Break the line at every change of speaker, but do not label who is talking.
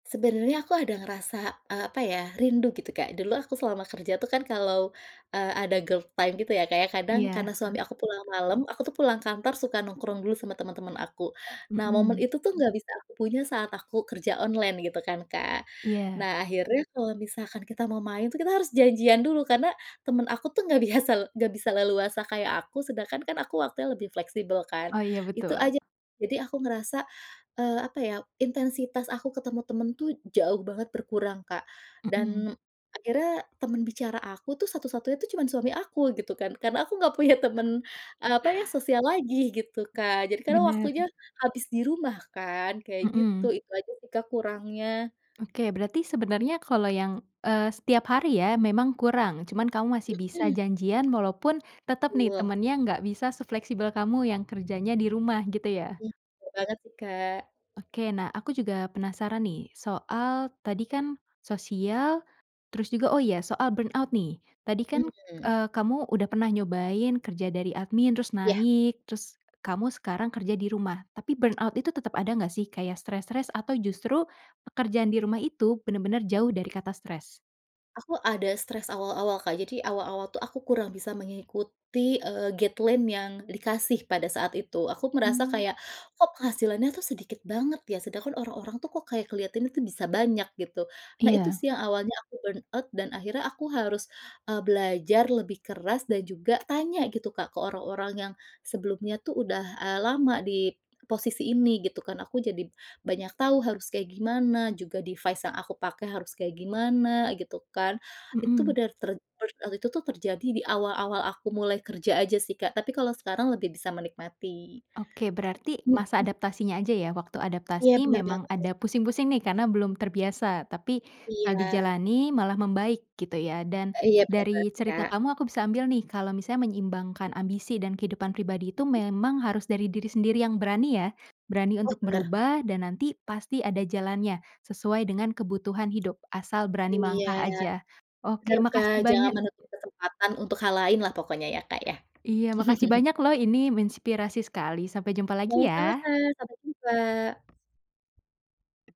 Sebenarnya aku ada ngerasa, eee, apa ya? Rindu gitu, Kak. Dulu aku selama kerja tuh kan kalau, eee, ada girl time gitu ya, kayak kadang
Iya.
karena suami aku pulang malam, aku tuh pulang kantor suka nongkrong dulu sama temen-temen aku. Nah, momen
Mhm.
itu tuh enggak bisa aku punya saat aku kerja online gitu kan, Kak.
Iya.
Nah, akhirnya kalau misalkan kita mau main tuh, kita harus janjian dulu karena temen aku tuh enggak biasa enggak bisa leluasa kayak aku, sedangkan kan aku waktunya lebih fleksibel kan?
Oh iya
Itu
betul.
aja. Jadi aku ngerasa, eee, apa ya intensitas aku ketemu temen tuh jauh banget berkurang, Kak.
Mhm.
Dan akhirnya temen bicara aku tuh satu-satunya tuh cuman suami aku gitu kan? Karena aku enggak punya temen apa ya sosial lagi gitu, Kak? Jadi karena
Bener.
waktunya habis di rumah kan? Kayak gitu
Mhm.
itu aja sih, Kak, kurangnya.
Oke. Berarti sebenernya kalau yang, eee, setiap hari ya memang kurang, cuman kamu masih bisa
Mhm.
janjian walaupun tetep nih,
Betul.
temennya enggak bisa sefleksibel kamu yang kerjanya di rumah, gitu ya?
Mhm. Betul banget sih Kak.
Oke. Nah, aku juga penasaran nih, soal tadi kan sosial, terus juga, oh ya soal burn out nih. Tadi kan,
Mhm.
eee, kamu udah pernah nyobain kerja dari admin, terus
Iya.
naik, terus kamu sekarang kerja di rumah. Tapi burnout itu tetep ada enggak sih? Kayak stres-stres atau justru pekerjaan di rumah itu bener-bener jauh dari kata stres?
Aku ada stres awal-awal Kak, jadi awal-awal tuh aku kurang bisa mengikuti, eee, guideline yang dikasih pada saat itu. Aku merasa
Mhm.
kayak kok penghasilannya tuh sedikit banget ya sedangkan orang-orang tuh kok kayak kelihatan itu bisa banyak gitu. Nah, itu
Iya.
sih yang awalnya aku burnout dan akhirnya aku harus, eee, belajar lebih keras dan juga tanya gitu, Kak, ke orang-orang yang sebelumnya tuh udah, eee, lama di p posisi ini, gitu kan. Aku jadi banyak tahu harus kayak gimana, juga device yang aku pakai harus kayak gimana, gitu kan? Itu
Mhm.
bener ter burnout itu tuh terjadi di awal-awal aku mulai kerja aja sih, Kak. Tapi kalau sekarang lebih bisa menikmati.
Oke. Berarti masa
Mhm.
adaptasinya aja ya? Waktu
Iya,
adaptasi
bener
memang
banget.
ada pusing-pusing nih karena belum terbiasa, tapi kalau
Iya.
dijalani malah membaik, gitu ya? Dan
Iya, bener banget,
dari cerita
Kak.
kamu, aku bisa ambil nih kalau misalnya menyeimbangkan ambisi dan kehidupan pribadi itu
Mhm.
memang harus dari diri sendiri yang berani ya? Berani
Oh,
untuk
bener.
berubah dan nanti pasti ada jalannya sesuai dengan kebutuhan hidup, asal berani
Iya.
melangkah aja.
Bener,
Oke,
Kak.
makasih
Jangan
banyak.
menutup kesempatan untuk hal lain lah pokoknya ya, Kak, ya.
Iya, makasih banyak loh ini menginspirasi sekali. Sampai jumpa lagi
Sama-sama,
ya.
Kak. Sampai jumpa.